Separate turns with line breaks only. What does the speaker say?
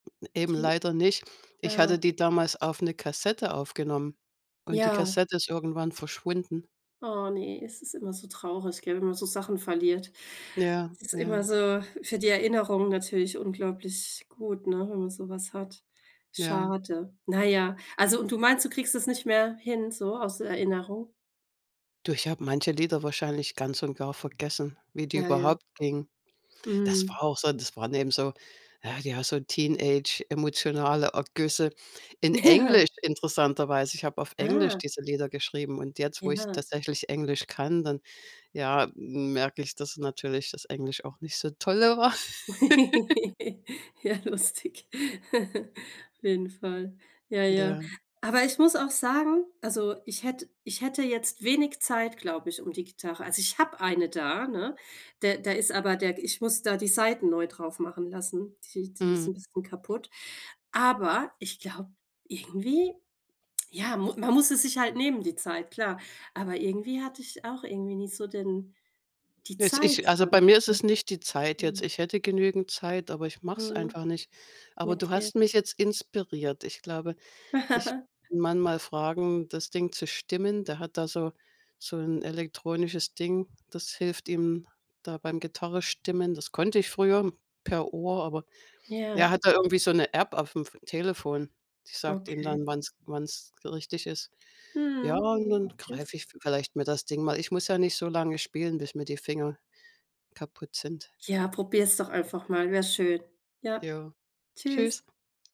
Eben
Tie
leider nicht. Ich
ah,
hatte
oh.
die damals auf 'ne Kassette aufgenommen und die
Ja.
Kassette ist irgendwann verschwunden.
Oh, ne. Es ist immer so traurig, gell, wenn man so Sachen verliert.
Ja,
Es ist immer
ja.
so für die Erinnerungen natürlich unglaublich gut, ne, wenn man so was hat.
Ja.
Schade. Na ja, also, und du meinst, du kriegst es nicht mehr hin so aus der Erinnerung?
Du, ich habe manche Lieder wahrscheinlich ganz und gar vergessen, wie die
Ja, ja.
überhaupt klingen. Das
Mhm.
war auch so das waren eben so, ja, ja, so Teenage-emotionale Ergüsse in
Ja.
Englisch, interessanterweise. Ich habe auf Englisch
Ah.
diese Lieder geschrieben und jetzt, wo ich
Ja.
tatsächlich Englisch kann, dann, ja, merke ich, dass natürlich das Englisch auch nicht so toll war.
Ja, lustig. Auf jeden Fall. Ja, ja.
Ja.
Aber, ich muss auch sagen, also, ich hätt ich hätte jetzt wenig Zeit, glaube ich, um die Gitarre also ich habe eine da, ne? Da da ist aber der ich muss da die Saiten neu drauf machen lassen, die die ist
Mhm.
'n bisschen kaputt, aber ich glaube, irgendwie ja, mu man muss es sich halt nehmen, die Zeit, klar. Aber, irgendwie hatte ich auch irgendwie nicht so den die
Jetzt
Zeit
ich also, bei
dann,
mir ist es nicht die Zeit
ne?
jetzt,
Mhm.
ich hätte genügend Zeit, aber ich mach's
Mhm.
einfach nicht. Aber, du
Okay.
hast mich jetzt inspiriert, ich glaube, ich Mann mal fragen, das Ding zu stimmen. Der hat da so so 'n elektronisches Ding, das hilft ihm da beim Gitarre stimmen. Das konnte ich früher per Ohr, aber er
Ja.
hat da irgendwie so 'ne App auf 'm F Telefon. Die sagt ihm
Okay.
dann, wann's wann's richtig ist. Ja,
Mhm,
und dann
okay.
greife ich vielleicht mir das Ding mal. Ich muss ja nicht so lange spielen, bis mir die Finger kaputt sind.
Ja, probier's doch einfach mal, wäre schön. Ja,
Ja, tschüss.
tschüss.